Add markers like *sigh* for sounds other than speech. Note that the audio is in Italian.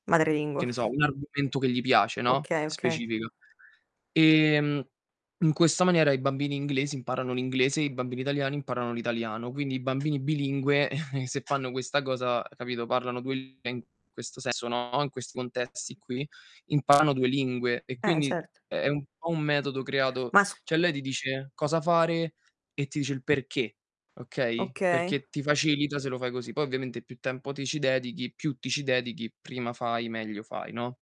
Che Madrelingua. ne so, un argomento che gli piace, no, Okay, okay. specifico. Ehm in questa maniera, i bambini inglesi imparano l'inglese e i bambini italiani imparano l'italiano. Quindi i bambini bilingue, *chuckles* se fanno questa cosa, capito, parlano 2 lin eh, in questo sen sono in questi contesti qui, imparano 2 lingue e Eh, e quindi certo. è è un po' un metodo creato Ma sc cioè, lei ti dice cosa fare, e ti dice il perché, okay, Okay. perché ti facilita se lo fai così. Poi ovviamente più tempo ti ci dedichi, più ti ci dedichi, prima fai, meglio fai, no?